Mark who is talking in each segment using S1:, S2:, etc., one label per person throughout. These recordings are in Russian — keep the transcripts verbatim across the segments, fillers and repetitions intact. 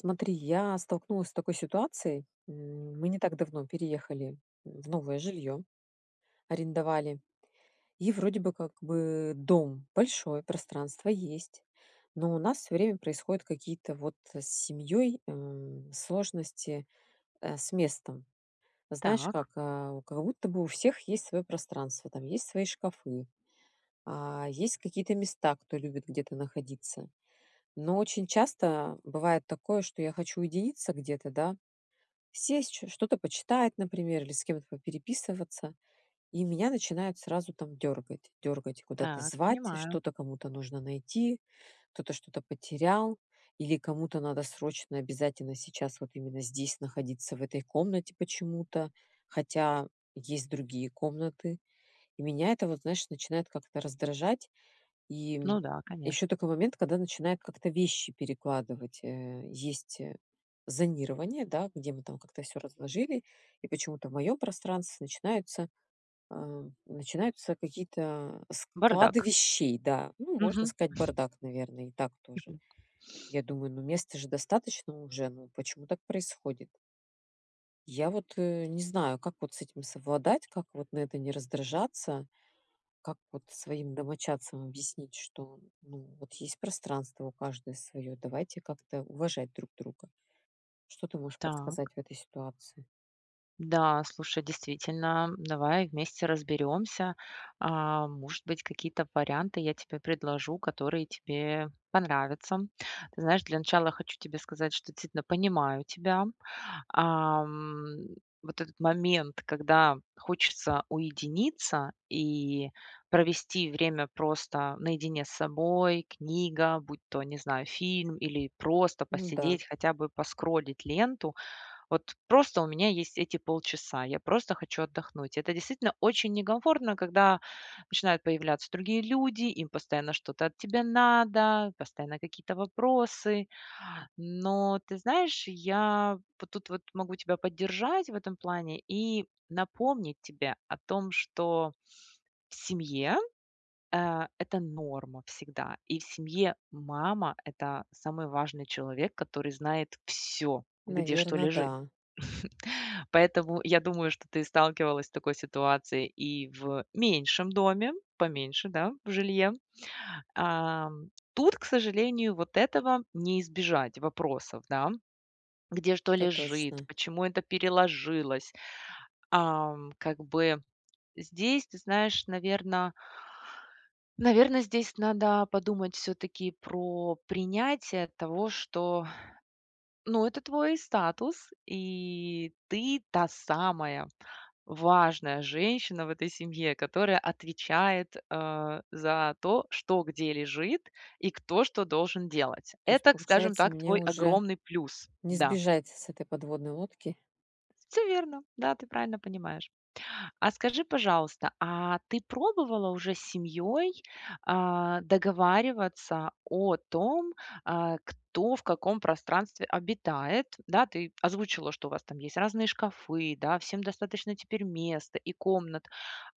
S1: Смотри, я столкнулась с такой ситуацией. М, мы не так давно переехали в новое жилье, арендовали. И вроде бы как бы дом большой, пространство есть, но у нас всё время происходят какие-то вот с семьей, эм, сложности, э, с местом. Знаешь,
S2: Так.
S1: как, а, как будто бы у всех есть свое пространство, там, есть свои шкафы, а, есть какие-то места, кто любит где-то находиться. Но очень часто бывает такое, что я хочу уединиться где-то, да. Сесть чё что-то почитать, например, или с кем-то попереписываться, и меня начинают сразу, там, дергать, дергать, куда-то
S2: Так,
S1: звать,
S2: понимаю.
S1: что-то кому-то нужно найти, кто-то что-то потерял, или кому-то надо срочно обязательно сейчас вот именно здесь находиться в этой комнате почему-то, хотя есть другие комнаты. И меня это вот, знаешь, начинает как-то раздражать. И, м,
S2: Ну да, конечно.
S1: еще такой момент, когда начинает как-то вещи перекладывать. Э, есть, э, зонирование, да, где мы там как-то всё разложили, и почему-то в мое пространстве начинаются, э, начинаются какие-то, э, склады
S2: Бардак.
S1: вещей. Да, ну, можно
S2: Мгм.
S1: сказать бардак, наверное, и так тоже.
S2: Мгм.
S1: Я думаю, ну, места же достаточно уже, ну почему так происходит? Я вот, э, не знаю, как вот с этим совладать, как вот на это не раздражаться, как вот своим домочадцам объяснить, что, ну, вот есть пространство у каждого своё, давайте как-то уважать друг друга. Что ты можешь подсказать
S2: Так.
S1: в этой ситуации?
S2: Да, слушай, действительно, давай вместе разберемся. А может быть, какие-то варианты я тебе предложу, которые тебе понравятся. Знаешь, для начала хочу тебе сказать, что действительно понимаю тебя. Ам, вот этот момент, когда хочется уединиться и провести время просто наедине с собой: книга, будь то, не знаю, фильм или просто
S1: Ну да.
S2: посидеть, хотя бы поскроллить ленту. Вот просто у меня есть эти полчаса. Я просто хочу отдохнуть. Это действительно очень некомфортно, когда начинают появляться другие люди, им постоянно что-то от тебя надо, постоянно какие-то вопросы. Но ты знаешь, я тут вот могу тебя поддержать в этом плане и напомнить тебе о том, что в семье, э, это норма всегда. И в семье мама- это самый важный человек, который знает всё: где что
S1: Наверно,
S2: лежит.
S1: да.
S2: Поэтому я думаю, что ты сталкивалась с такой ситуацией и в меньшем доме, поменьше, да, в жилье. Ам, тут, к сожалению, вот этого не избежать вопросов, да: где что
S1: Это
S2: лежит,
S1: точно.
S2: почему это переложилось. Ам, как бы здесь, ты знаешь, наверно наверно, здесь надо подумать всё-таки про принятие того, что, ну, это твой статус, и ты та самая важная женщина в этой семье, которая отвечает, а, за то, что где лежит и кто что должен делать.
S1: То есть,
S2: Это, к скажем
S1: получается,
S2: так,
S1: мне
S2: твой
S1: уже
S2: огромный плюс.
S1: не
S2: Да.
S1: сбежать с этой подводной лодки.
S2: Всё верно. Да, ты правильно понимаешь. А скажи, пожалуйста, а ты пробовала уже с семьёй, а, договариваться о том, а, кто в каком пространстве обитает? Да, ты озвучила, что у вас там есть разные шкафы, да, всем достаточно теперь места и комнат.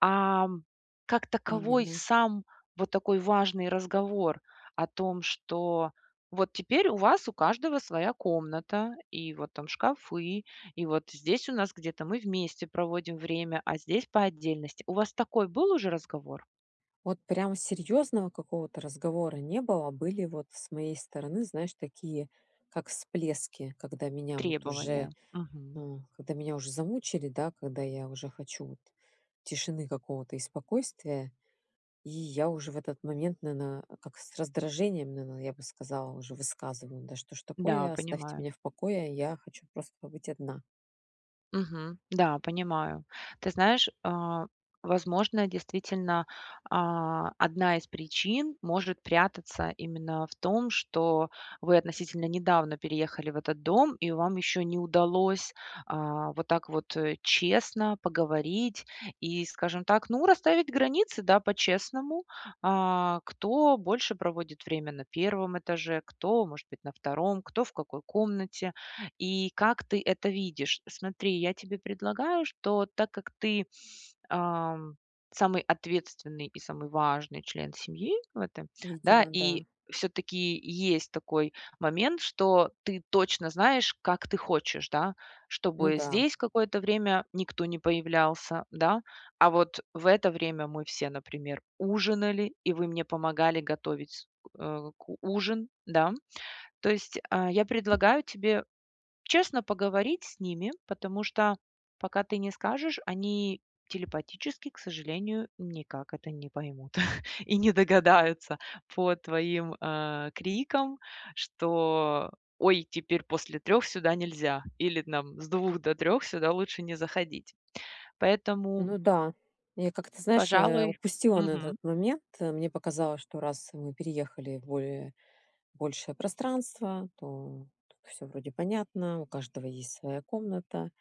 S2: Ам, как таковой
S1: Именно.
S2: сам вот такой важный разговор о том, что вот теперь у вас у каждого своя комната, и вот там шкафы, и вот здесь у нас где-то мы вместе проводим время, а здесь- по отдельности. У вас такой был уже разговор?
S1: Вот прям серьезного какого-то разговора не было. Были вот с моей стороны, знаешь, такие как всплески, когда меня вот
S2: Требования,
S1: уже,
S2: мгм.
S1: э, когда меня уже замучили, да, когда я уже хочу вот тишины какого-то и спокойствия. И я уже в этот момент, на на, как с раздражением, наена, я бы сказала, уже высказываю: да что же
S2: Да,
S1: такое, оставьте
S2: понимаю.
S1: меня в покое, я хочу просто побыть одна.
S2: Мгм. Да, понимаю. Ты знаешь, а, возможно, действительно, а, одна из причин может прятаться именно в том, что вы относительно недавно переехали в этот дом, и вам еще не удалось, а, вот так вот, э, честно поговорить и, скажем так, ну, расставить границы, да, по-честному. А, кто больше проводит время на первом этаже, кто, может быть, на втором, кто в какой комнате, и как ты это видишь. Смотри, я тебе предлагаю, что так как ты, ам, самый ответственный и самый важный член семьи в этом, да,
S1: Видимо
S2: и
S1: да.
S2: все-таки есть такой момент, что ты точно знаешь, как ты хочешь, да,
S1: Ну
S2: чтобы
S1: да.
S2: здесь какое-то время никто не появлялся, да? А вот в это время мы все, например, ужинали, и вы мне помогали готовить, э, к ужин, да? То есть, а, я предлагаю тебе честно поговорить с ними, потому что пока ты не скажешь, они телепатически, к сожалению, никак это не поймут, и не догадаются по твоим, а, крикам, что: "Ой, теперь после трех сюда нельзя". Или нам: "С двух до трех сюда лучше не заходить". Поэтому
S1: Ну да, я как-то, знаешь, э,
S2: пожалуй
S1: упустила на
S2: Мгм.
S1: этот момент, э, мне показалось, что раз мы переехали в более большее пространство, то то всё вроде понятно. У каждого есть своя комната,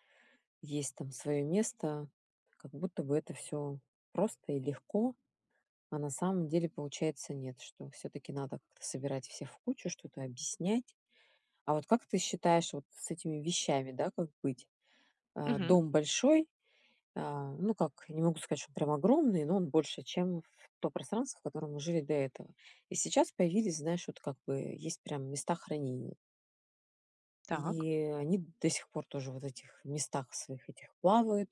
S1: есть там свое место, как будто бы это всё просто и легко, а на самом деле, получается, нет. Что все-таки надо как-то собирать всех в кучу, что-то объяснять. А вот как ты считаешь, вот с этими вещами, да, как быть? А,
S2: Мгм.
S1: дом большой, а, ну как, не могу сказать, что он прям огромный, но он больше, чем в то пространство, в котором мы жили до этого. И сейчас появились, знаешь, вот как бы есть прям места хранения.
S2: Так.
S1: И они до сих пор тоже вот в этих местах своих этих плавают,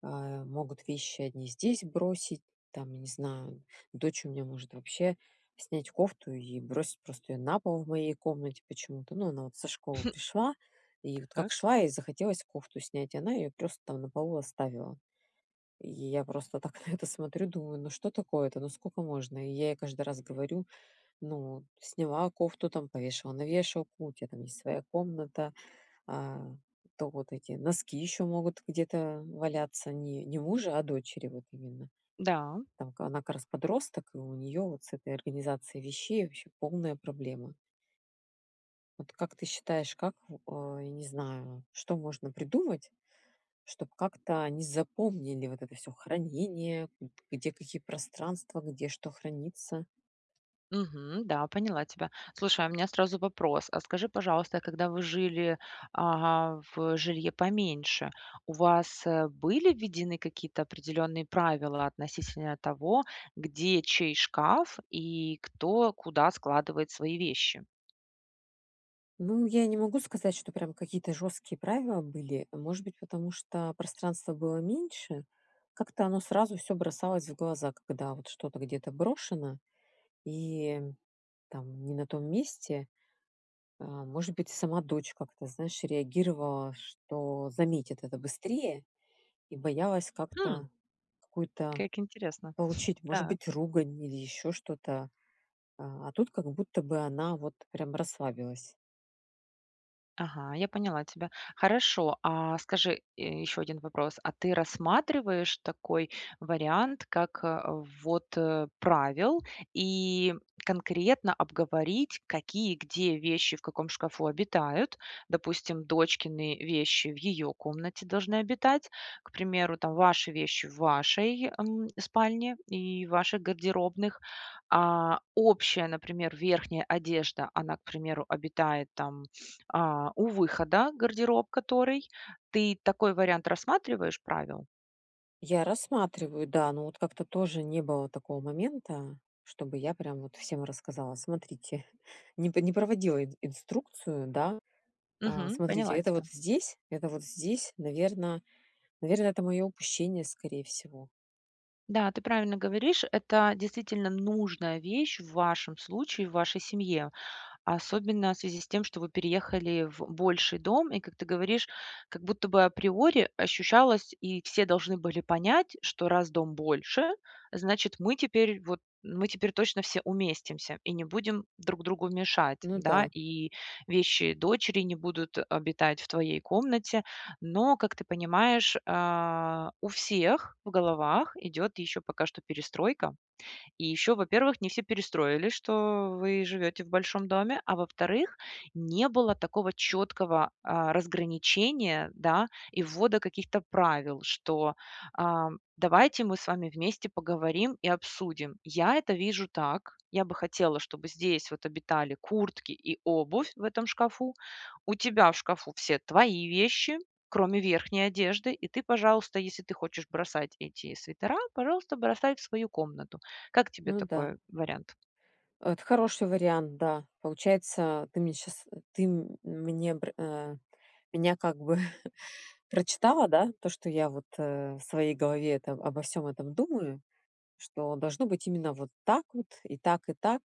S1: а, могут вещи одни здесь бросить, там, не знаю, дочь у меня может вообще снять кофту, и бросить просто ее на пол в моей комнате почему-то. Ну, она вот со школы пришла, и вот, как
S2: Так.
S1: шла, ей захотелось кофту снять, и она ее просто там на полу оставила. И я просто так на это смотрю и думаю: "Ну что такое это? Ну сколько можно?" И я ей каждый раз говорю: "Ну сняла кофту, там повешала на вешалку, у тебя там есть своя комната". А то вот эти носки еще могут где-то валяться, не не мужа, а дочери вот именно.
S2: Да.
S1: Там к она как раз подросток, и у нее вот с этой организацией вещей вообще полная проблема. Вот как ты считаешь, как в ой, не знаю, что можно придумать, чтоб как-то они запомнили вот это всё хранение, где какие пространства, где что хранится?
S2: Мгм, да, поняла тебя. Слушай, а у меня сразу вопрос. А скажи, пожалуйста, когда вы жили, а, в жилье поменьше, у вас, э, были введены какие-то определенные правила относительно того, где чей шкаф и кто куда складывает свои вещи.
S1: Ну, я не могу сказать, что прям какие-то жёсткие правила были. Может быть, потому что пространства было меньше. Как-то оно сразу всё бросалось в глаза, когда вот что-то где-то брошено и, там, не на том месте. Э, может быть, сама дочь как-то, знаешь, реагировала, что заметит это быстрее, и боялась
S2: Хм.
S1: как-то какую-то
S2: Как интересно.
S1: получить, может
S2: Так.
S1: быть, ругань, или еще что-то. А тут, как будто бы, она вот прям расслабилась.
S2: Ага, я поняла тебя. Хорошо. А, скажи, э, ещё один вопрос. А ты рассматриваешь такой вариант как вот, э, правил и конкретно обговорить, какие, где вещи в каком шкафу обитают? Допустим, дочкины вещи в ее комнате должны обитать. К примеру, там ваши вещи в вашей, эм, спальне и ваших гардеробных. А общая, например, верхняя одежда, она, к примеру, обитает, там, а, у выхода гардероб, который. Ты такой вариант рассматриваешь правил?
S1: Я рассматриваю, да, но вот как-то тоже не было такого момента, чтобы я прям вот всем рассказала. Смотрите, не п не проводила ин инструкцию, да. А,
S2: Мгм,
S1: смотрите,
S2: поняла я
S1: это
S2: тебя.
S1: вот здесь, это вот здесь. Наверно наверно это мое упущение скорее всего.
S2: Да, ты правильно говоришь. Это, действительно, нужная вещь в вашем случае, в вашей семье, особенно в связи с тем, что вы переехали в больший дом и, как ты говоришь, как будто бы априори ощущалось, и все должны были понять, что раз дом больше, значит мы теперь, вот, мы теперь точно все уместимся и не будем друг другу мешать,
S1: Ну
S2: да,
S1: да.
S2: и вещи дочери не будут обитать в твоей комнате. Но, как ты понимаешь, а, у всех в головах идет еще пока что перестройка. И еще, во-первых, не все перестроилсь, что вы живете в большом доме, а во-вторых, не было такого четкого, а, разграничения, да, и ввода каких-то правил, что, а: давайте мы с вами вместе поговорим и обсудим. Я это вижу так. Я бы хотела, чтобы здесь вот обитали куртки и обувь в этом шкафу. У тебя в шкафу все твои вещи, кроме верхней одежды, и ты, пожалуйста, если ты хочешь бросать эти свитера, пожалуйста, бросай в свою комнату. Как тебе
S1: Ну да.
S2: такой вариант?
S1: Это хороший вариант, да. Получается, ты мне щас ты м мне пр а, меня как бы прочитала, да, то что я вот, э, в своей голове это обо всём этом думаю, что должно быть именно вот так вот, и так, и так.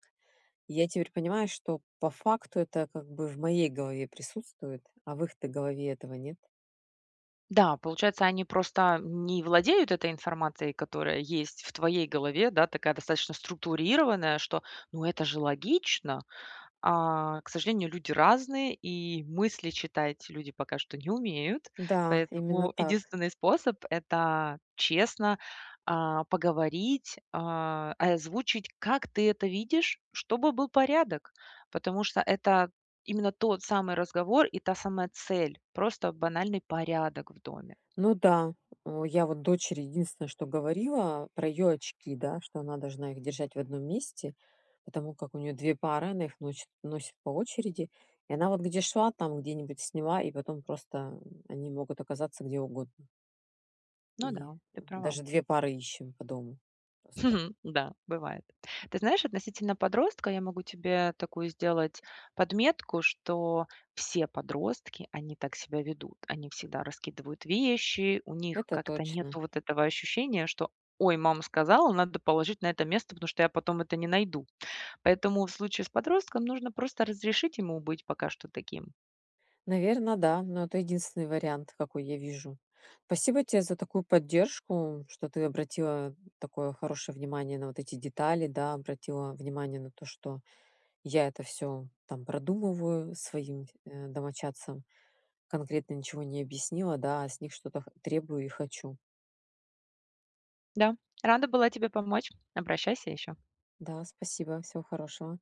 S1: И я теперь понимаю, что по факту, это как бы в моей голове присутствует, а в их-то голове этого нет.
S2: Да, получается, они просто не владеют этой информацией, которая есть в твоей голове, да, такая, достаточно структурированная, что, ну, это же логично. А, к сожалению, люди разные, и мысли читать люди пока что не умеют.
S1: Да, именно
S2: Поэтому
S1: так.
S2: единственный способ- это честно, а, поговорить, а, э, озвучить, как ты это видишь, чтобы был порядок. Потому что это именно тот самый разговор и та самая цель- просто банальный порядок в доме.
S1: Ну да, у я вот дочери единственное, что говорила- про ее очки, да. Что она должна их держать в одном месте, потому как у нее две пары, она их ночит носит по очереди. И она вот где шла, там, где-нибудь сняла, и потом просто они могут оказаться где угодно.
S2: Ну
S1: И
S2: да, ты права.
S1: даже две пары ищем по дому. Просто
S2: Да, бывает. Ты знаешь, относительно подростка, я могу тебе такую сделать подметку, что все подростки, они так себя ведут. Они всегда раскидывают вещи, у них
S1: Это
S2: как-то нету
S1: точно.
S2: вот этого ощущения, что: "Ой, мама сказала, надо положить на это место, потому что я потом это не найду". Поэтому, в случае с подростком, нужно просто разрешить ему быть пока что таким.
S1: Наверно, да, но это единственный вариант, какой я вижу. Спасибо те за такую поддержку, что ты обратила такое хорошее внимание на вот эти детали, да, обратила внимание на то, что я это всё, там, продумываю, своим, э, домочадцам конкретно ничего не объяснила, да, а с них что-то х требую и хочу.
S2: Да, рада была тебе помочь. Обращайся еще.
S1: Да, спасибо, всего хорошего.